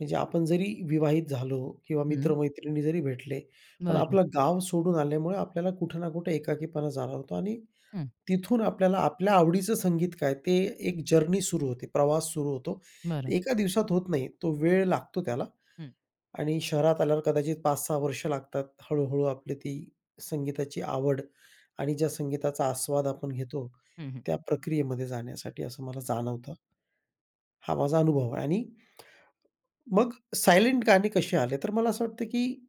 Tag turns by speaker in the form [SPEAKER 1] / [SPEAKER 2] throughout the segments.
[SPEAKER 1] म्हणजे आपण जरी विवाहित झालो किंवा
[SPEAKER 2] हं.
[SPEAKER 1] मित्र-मैत्रिणी जरी भेटले पण
[SPEAKER 2] बरं.
[SPEAKER 1] आपलं गाव सोडून आल्यामुळे आपल्याला कुठे ना कुठे एकाकीपणा जाणवतो आणि
[SPEAKER 2] हं.
[SPEAKER 1] तिथून आपल्याला आपल्या आवडीचं संगीत काय, ते एक जर्नी सुरू होते, प्रवास सुरू होतो.
[SPEAKER 2] बरं.
[SPEAKER 1] एका दिवसात होत नाही, तो वेळ लागतो त्याला
[SPEAKER 2] हं.
[SPEAKER 1] आणि शहरात आल्यावर कदाचित 5-6 वर्ष लागतात, हळू-हळू आपली ती संगीताची आवड आणि ज्या संगीताचा आस्वाद आपण घेतो,
[SPEAKER 2] हं, हं.
[SPEAKER 1] त्या प्रक्रियेमध्ये जाण्यासाठी, असं मला जाणवतं. हा माझा अनुभव आहे आणि मग सायलेंट गाणी कशी आले? तर मला असं वाटतं की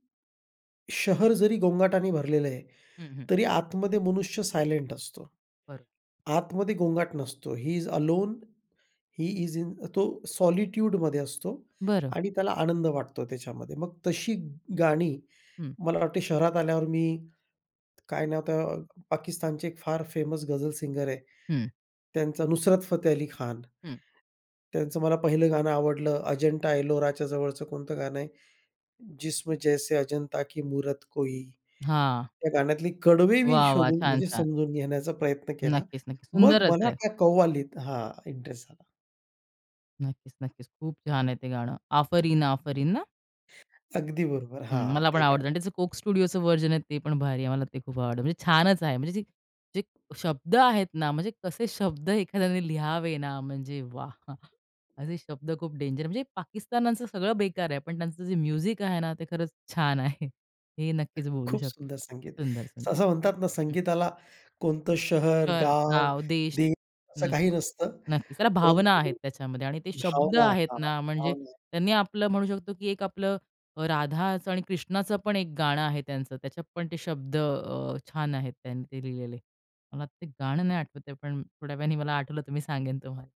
[SPEAKER 1] शहर जरी गोंगाटाने भरलेलं आहे,
[SPEAKER 2] हं, हं.
[SPEAKER 1] तरी आतमध्ये मनुष्य सायलेंट असतो.
[SPEAKER 2] बरं.
[SPEAKER 1] आतमध्ये गोंगाट नसतो, ही ईज अलोन, ही ईज इन तो सॉलिट्यूडमध्ये असतो
[SPEAKER 2] बरं.
[SPEAKER 1] आणि त्याला आनंद वाटतो त्याच्यामध्ये. मग तशी गाणी,
[SPEAKER 2] हं.
[SPEAKER 1] मला वाटते शहरात आल्यावर मी काय नाव त्या पाकिस्तानचे फार फेमस गझल सिंगर आहे,
[SPEAKER 2] हं.
[SPEAKER 1] त्यांच नुसरत फतेह अली खान.
[SPEAKER 2] हं.
[SPEAKER 1] त्यांचं मला पहिलं गाणं आवडलं, अजंठा एलोराच्या जवळचं कोणतं गाणं आहे? "जिस्म जैसे अजंता की मूरत कोई"
[SPEAKER 2] हां.
[SPEAKER 1] त्या गाण्यातली कडवे मी
[SPEAKER 2] वाह! वाह!
[SPEAKER 1] शोधून,
[SPEAKER 2] छान,
[SPEAKER 1] म्हणजे
[SPEAKER 2] छान.
[SPEAKER 1] समजून घेण्याचा प्रयत्न केला,
[SPEAKER 2] नक्कीच-नक्कीच.
[SPEAKER 1] मग
[SPEAKER 2] सुंदरच
[SPEAKER 1] मला
[SPEAKER 2] आहे.
[SPEAKER 1] त्या कव्वालीत हां, इंटरेस्ट झाला.
[SPEAKER 2] नक्कीच-नक्कीच. खूप छान आहे ते गाणं. "आफरीन आफरीन" ना?
[SPEAKER 1] अगदी बरोबर.
[SPEAKER 2] हं,
[SPEAKER 1] हां,
[SPEAKER 2] मला पण
[SPEAKER 1] ते
[SPEAKER 2] आवडतं आणि
[SPEAKER 1] गाणं.
[SPEAKER 2] त्याचं कोक स्टुडिओच व्हर्जन आहे, ते पण भारी आहे. मला ते खूप आवडतं, म्हणजे छानच आहे, म्हणजे जे जे शब्द आहेत ना, म्हणजे कसे शब्द एखाद्याने लिहावे ना, म्हणजे वाह! असे शब्द खूप डेंजर म्हणजे पाकिस्तानाचं सगळं बेकार आहे, पण त्यांचं जे म्युझिक आहे ना, ते खरंच छान आहे. हे नक्कीच बोलू
[SPEAKER 1] खूप
[SPEAKER 2] शकतो.
[SPEAKER 1] सुंदर संगीत,
[SPEAKER 2] सुंदर, सुंदर,
[SPEAKER 1] असं म्हणतात ना,
[SPEAKER 2] हं.
[SPEAKER 1] संगीताला कोणतं शहर,
[SPEAKER 2] तर
[SPEAKER 1] गाव,
[SPEAKER 2] गाव, देश
[SPEAKER 1] देश असं काही
[SPEAKER 2] नक्की,
[SPEAKER 1] नसतं,
[SPEAKER 2] नक्कीच. त्याला भावना आहेत,
[SPEAKER 1] परंतु
[SPEAKER 2] त्याच्यामध्ये आणि ते शब्द
[SPEAKER 1] भावना
[SPEAKER 2] आहेत
[SPEAKER 1] हां,
[SPEAKER 2] ना, म्हणजे
[SPEAKER 1] भावना.
[SPEAKER 2] त्यांनी आपलं म्हणू शकतो की एक आपलं, राधाचं आणि कृष्णाचंपण एक गाणं आहे त्यांचं. त्याच्यात पण ते शब्द अ, छान आहेत त्यांनी ते लिहिलेले. मला ते गाणं नाही आठवतं आहे, पण थोड्या वेळाने मला आठवलं, तर मी सांगेन तुम्हाला.